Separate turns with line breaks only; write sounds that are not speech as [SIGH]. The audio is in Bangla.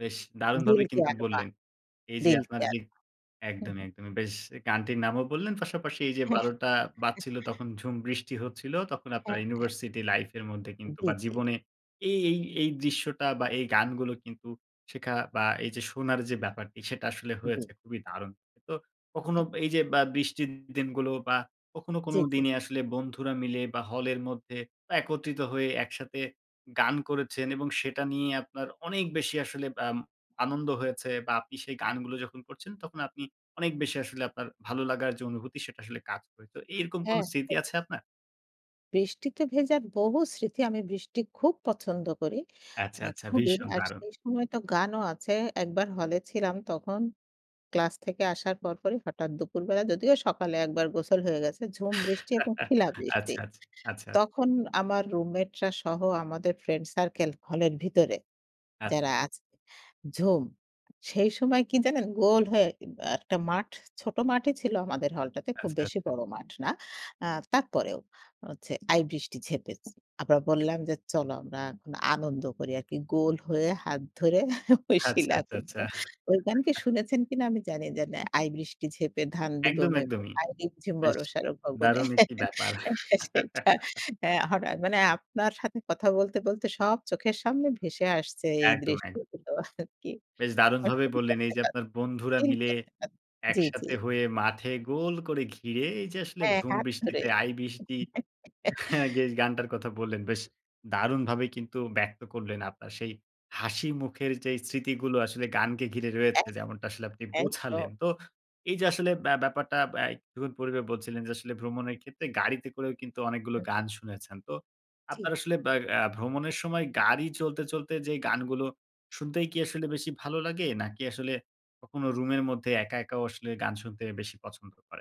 বেশ
দিল
দারুণভাবে
কে
কিন্তু
একবার,
বললেন। এই যে
দিল
আপনার
কেয়ার।
যে
হু,
একদমই,
হু।
একদমই। বেশ, গানটির নামও বললেন, পাশাপাশি এই যে
হ্যাঁ।
১২ঃ০০ বাজছিল,
[CHUCKLES]
তখন ঝুম বৃষ্টি হচ্ছিল। তখন আপনার
হ্যাঁ।
ইউনিভার্সিটি লাইফের মধ্যে কিন্তু
জি,
বা
জি।
জীবনে এই এই এই দৃশ্যটা, বা এই গানগুলো কিন্ত শেখা বা এই যে শোনার যে ব্যাপারটি, সেটা আসলে
জি।
হয়েছে। খুবই দারুণ। তো কখনো
ঠিক।
এই যে বা বৃষ্টির দিনগুলো, বা কখনো কোনো
জি, জি।
দিনে আসলে বন্ধুরা মিলে বা হলের মধ্যে একত্রিত হয়ে, একসাথে গান করেছেন এবং সেটা নিয়ে আপনার অনেক বেশি আসলে আম আনন্দ হয়েছে বা আপনি সেই গানগুলো যখন করছেন, তখন আপনি অনেক বেশি আসলে আপনার ভালো লাগার যে অনুভূতি, সেটা আসলে কাজ করে। তো এরকম কোনো
হ্যাঁ।
স্মৃতি আছে আপনার?
বৃষ্টিতে ভেজার বহু স্মৃতি। আমি বৃষ্টি খুব পছন্দ করি,
আচ্ছা,
মানে
আচ্ছা।
খুবই।
ভীষণ
আর
দারুণ।
সেই সময় তো গানও আছে। একবার হলে ছিলাম, তখন ক্লাস থেকে আসার পরপরই হঠাৎ দুপুরবেলা, যদিও সকালে একবার গোসল হয়ে গেছে, ঝুম বৃষ্টি এবং
[CHUCKLES]
শিলাবৃষ্টি।
আচ্ছা, আচ্ছ আচ্ছা।
তখন আমার রুমমেটরা সহ আমাদের ফ্রেন্ড সার্কেল, হলের ভিতরে
আচ্ছা।
যারা আছে, ঝুম! সেই সময় কী জানেন? গোল হয়ে ই বা একটা মাঠ, ছোট মাঠই ছিল আমাদের হলটাতে, খুব
আচ্ছা,
বেশি
আচ্ছা।
বড় মাঠ না। আ তারপরেও হচ্ছে, আই বৃষ্টি ঝেঁপেছে। আমরা বললাম যে, "চলো, আমরা এখন আনন্দ করি আরকি।" গোল হয়ে হাত ধরে [CHUCKLES]
আচ্ছা,
শিলা
আচ্ছা,
পরল।
আচ্ছা, আচ্ছা।
ওই গান কি
[CHUCKLES]
শুনেছেন কিনা আমি জানি যা না, "আই বৃষ্টি ঝেঁপে, ধান দিব
একদম
মেপে।
একদমই।
আমি বিঝছি
বেশ
বর্শারও ভবনে"
দারুণ একটি
[CHUCKLES]
ব্যাপার।
সেইটা,
[CHUCKLES]
হ্যাঁ হঠাৎ মানে আপনার সাথে কথা বলতে, বলতে সব চোখের সামনে ভেসে আসছে
একদম,
এই
একদম।
দৃষ্টিগুলো আরকি।
বেশ দারুণভাবে বললেন। এই যে
[UNINTELLIGIBLE]
আপনার বন্ধুরা মিলে
জি, জি।
একসাথে হয়ে, মাঠে গোল করে ঘিরে, এই যে আসলে
হ্যাঁ,
ঝুম
হাত ধরে।
বৃষ্টিতে, আই বৃষ্টি [CHUCKLES]
[CHUCKLES]
বেশ গানটার কথা বললেন, বেশ দারুণভাবে কিন্তু ব্যক্ত করলেন, আপনার সেই হাসিমুখের যে স্মৃতিগুলো আসলে গানকে ঘিরে
অ্যা
রয়েছে, যেমনটা আসলে আপনি
একদম।
বোঝালেন। তো এই যে আসলে ব্য ব্যাপারটা, আ একটু পূর্বে বলছিলেন যে, আসলে ভ্রমণের ক্ষেত্রে গাড়িতে করেও কিন্তু অনেকগুলো
হু, হু।
গান শুনেছেন। তো আপনার
ঠিক।
আসলে ব্যা আ ভ্রমণের সময় গাড়ি চলতে, চলতে যে গানগুলো শুনতেই কি আসলে বেশি ভালো লাগে, নাকি আসলে কখনো রুমের মধ্যে একা, একাও আসলে গান শুনতে বেশি পছন্দ করেন?